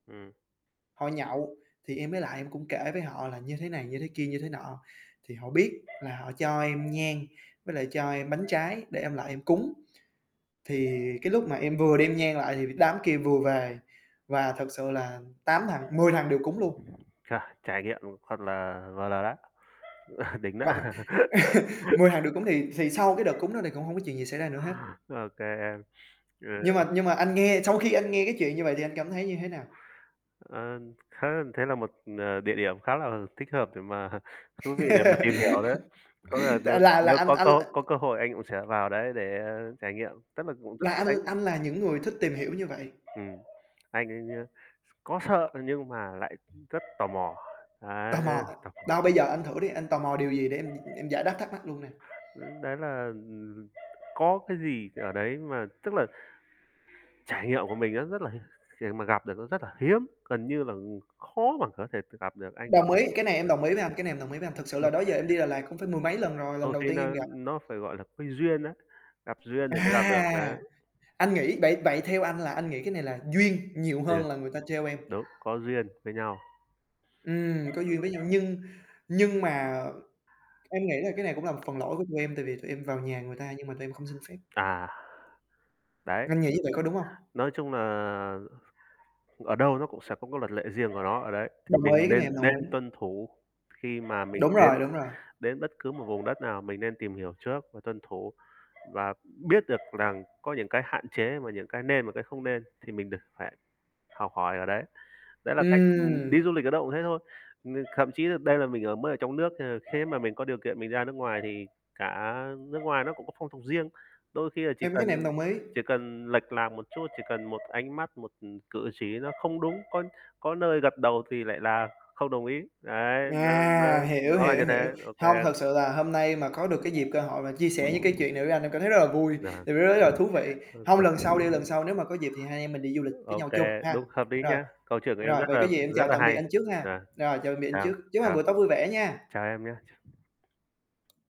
Ừm. Họ nhậu, thì em mới lại em cũng kể với họ là như thế này, như thế kia, như thế nọ, thì họ biết là họ cho em nhang với lại cho em bánh trái để em lại em cúng. Thì cái lúc mà em vừa đem nhang lại thì đám kia vừa về và thật sự là 8 thằng 10 thằng đều cúng luôn. Trời, trải nghiệm thật là vờ lờ đã. Đỉnh đó. Gọi 10 thằng đều cúng thì thì sau cái đợt cúng đó thì cũng hông có chuyện gì xảy ra nữa hết. OK em. Nhưng Ờ. mà nhưng mà anh nghe, sau khi anh nghe cái chuyện như vậy thì anh cảm thấy như thế nào? Ờ, anh [unintelligible] thế là một, à, địa điểm khá là thích hợp để mà thú vị để mà tìm hiểu đấy, có lẽ là T nêu là là nếu anh có anh có có cơ hội anh cũng sẽ vào đấy để, a, trải nghiệm, chắc là cũng rất Là anh [unintelligible] anh là những người thích tìm hiểu như vậy. Ừm. Anh anh, a, s có sợ nhưng mà lại rất tò mò, đấy, Tò mò, tò mò. đâu bây giờ anh thử đi, anh tò mò điều gì để em em giải đáp thắc mắc luôn nè. Ưm, đấy là, ừm, có cái gì ở đấy mà tức là trải nghiệm của mình nó rất là [unintelligible] để mà gặp được nó rất là hiếm, gần như là, ừm, khó mà có thể tự gặp được, anh [unintelligible] Đồng ý, cái này em đồng ý với anh, cái này em đồng ý với anh, thực sự là được. đó giờ em đi Đà Lạt cũng phải mười mấy lần rồi, lần Đôi đầu khi tiên em nó gặp. nó phải, gọi là, cái duyên á, gặp duyên thì mới gặp được, đấy. À! Anh nghĩ vậy vậy theo anh là anh nghĩ cái này là duyên nhiều Tuyệt. hơn là người ta trêu em. Đúng, có duyên với nhau. Ừm, có duyên với nhau Ừm. nhưng nhưng mà em nghĩ là cái này cũng là một phần lỗi của tụi em, tại vì tụi em vào nhà người ta nhưng mà tụi em không xin phép. À. Đấy. Anh nghĩ như vậy có đúng hông? Nói chung nà, ở đâu nó cũng sẽ có cái luật lệ riêng của nó ở đấy. Thì Đồng mình ý, cái này nên em đồng nên ý. tuân thủ khi mà mình Đúng đến rồi, đúng rồi. đến bất cứ một vùng đất nào mình nên tìm hiểu trước và tuân thủ và biết được rằng có những cái hạn chế và những cái nên và cái không nên thì mình được phải học hỏi ở đấy. Đấy là cách mà mình đi Ừm. du lịch ở đâu cũng thế thôi, ừm, thậm chí là đây là mình ở mới ở trong nước thế nên khế mà mình có điều kiện mình ra nước ngoài thì cả nước ngoài nó cũng có phong tục riêng, đôi khi là chỉ Em cái cần này em đồng ý. chỉ cần lệch lạc một chút, chỉ cần một ánh mắt, một, ừm, cử chỉ nó không đúng, có có nơi gật đầu thì lại là không đồng ý, đấy, nó nó À, hiểu, nó là như hiểu, hiểu. thế, OK Hông, em. thật sự là hôm nay mà có được cái dịp cơ hội mà chia sẻ những cái chuyện này với anh em cảm thấy rất là vui, Nà. [unintelligible] là thú vị. Hơi Hông, cực. lần sau đi, lần sau nếu mà có dịp thì hai anh em mình đi du lịch với OK, nhau chung ha. đúng, hợp lý Rồi. nha, câu chuyện của em Rồi, rất vậy có là gì em rất chào là tạm biệt hay anh trước ha. nà. Yeah, Rồi chào tạm biệt anh chào trước. Chúc anh chào buổi tối vui vẻ nha! chào em nhá. Ch